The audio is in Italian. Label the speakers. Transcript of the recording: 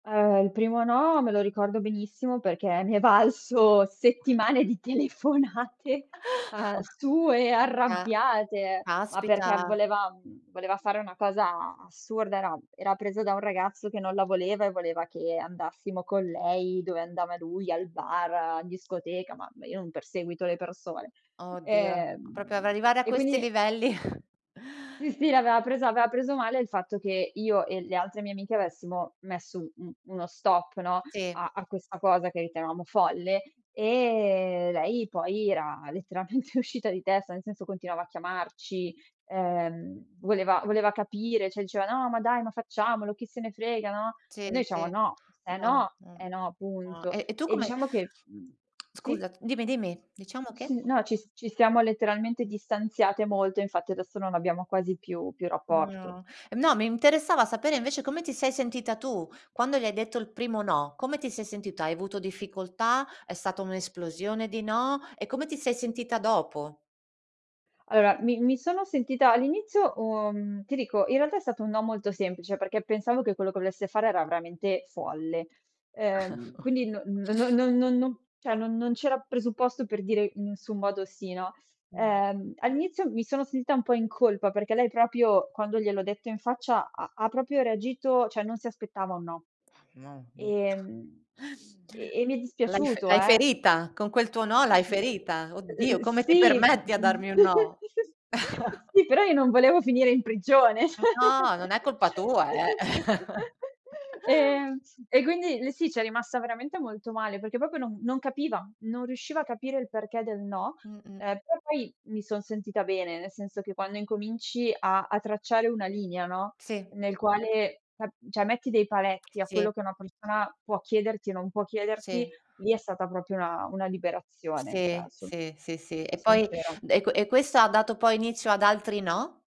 Speaker 1: Ehm, il primo no me lo ricordo benissimo perché mi è valso
Speaker 2: [unintelligible]
Speaker 1: settimane di telefonate, ehm, sue
Speaker 2: Ah.
Speaker 1: arrabbiate, ma perché
Speaker 2: Caspita.
Speaker 1: voleva uhm, voleva fare una cosa a assurda: era era presa da un ragazzo che non la voleva e voleva che andassimo con lei dove andava lui, al bar, in discoteca, ma ma io non perseguito le persone.
Speaker 2: Oddio, proprio av
Speaker 1: Ehm,
Speaker 2: arrivare a
Speaker 1: e
Speaker 2: questi
Speaker 1: quindi
Speaker 2: livelli.
Speaker 1: Sì, sì, l'aveva presa aveva preso male il fatto che io e le altre mie amiche avessimo messo un uno stop no,
Speaker 2: Sì.
Speaker 1: a a questa cosa che ritenevamo folle, e lei poi era letteralmente uscita di testa, nel senso continuava a chiamarci, ehm, voleva voleva capire, cioè diceva: "No, ma dai, ma facciamolo, chi se ne frega, no?"
Speaker 2: Sì,
Speaker 1: E noi diciamo:
Speaker 2: sì.
Speaker 1: "No, se
Speaker 2: No,
Speaker 1: no,
Speaker 2: mh.
Speaker 1: è no,
Speaker 2: No.
Speaker 1: punto."
Speaker 2: E e tu
Speaker 1: E
Speaker 2: come
Speaker 1: diciamo che mhmm, sì?
Speaker 2: Scusa, dimmi dimmi. Diciamo
Speaker 1: Mhmm,
Speaker 2: che?
Speaker 1: sì, no, ci s ci stiamo letteralmente distanziate molto, infatti adesso non abbiamo quasi più più rapporto.
Speaker 2: No. No, mi interessava sapere invece come ti sei sentita tu quando gli hai detto il primo no. Come ti sei sentita? Hai avuto difficoltà? È stata un'esplosione di no? E come ti sei sentita dopo?
Speaker 1: Allora mi mi sono sentita all'inizio, uhm, ti dico, in realtà è stato un no molto semplice perché pensavo che quello che volesse fare era veramente folle. Ehm, quindi non no non non non non cioè non non c'era presupposto per dire in nessun modo sì, no.
Speaker 2: Mh.
Speaker 1: Ehm, all'inizio mi sono sentita un po' in colpa, perché lei proprio quando gliel'ho detto in faccia ha ha proprio reagito cioè non si aspettava un no;
Speaker 2: [unintelligible]
Speaker 1: ehm, e e mi è
Speaker 2: L'hai fe
Speaker 1: dispiaciuto,
Speaker 2: l'hai
Speaker 1: eh!
Speaker 2: ferita. Con quel tuo no l'hai
Speaker 1: S ehm, eh
Speaker 2: ferita.
Speaker 1: eh eh
Speaker 2: "Oddio, come ti
Speaker 1: sì uh
Speaker 2: permetti a
Speaker 1: uh uhm,
Speaker 2: darmi un no!"
Speaker 1: [unintelligible] sì però io non volevo finire in prigione, cioè!
Speaker 2: No, non è colpa tua, eh!
Speaker 1: Ehm, e quindi lei sì, c'è rimasta veramente molto male, perché proprio non non capiva, non riusciva a capire il perché del no.
Speaker 2: Mh-mh.
Speaker 1: Ehm, però poi mi son sentita bene, nel senso che quando incominci a a tracciare una linea, no,
Speaker 2: Sì.
Speaker 1: nel quale [unintelligible] cioè metti dei paletti a
Speaker 2: Sì.
Speaker 1: quello che una persona può chiederti e non può chiederti,
Speaker 2: Sì.
Speaker 1: lì è stata proprio una una liberazione, cioè
Speaker 2: Sì,
Speaker 1: son
Speaker 2: sì, sì, sì,
Speaker 1: sono
Speaker 2: e poi
Speaker 1: sincera.
Speaker 2: d e que e questo ha dato poi inizio ad altri no?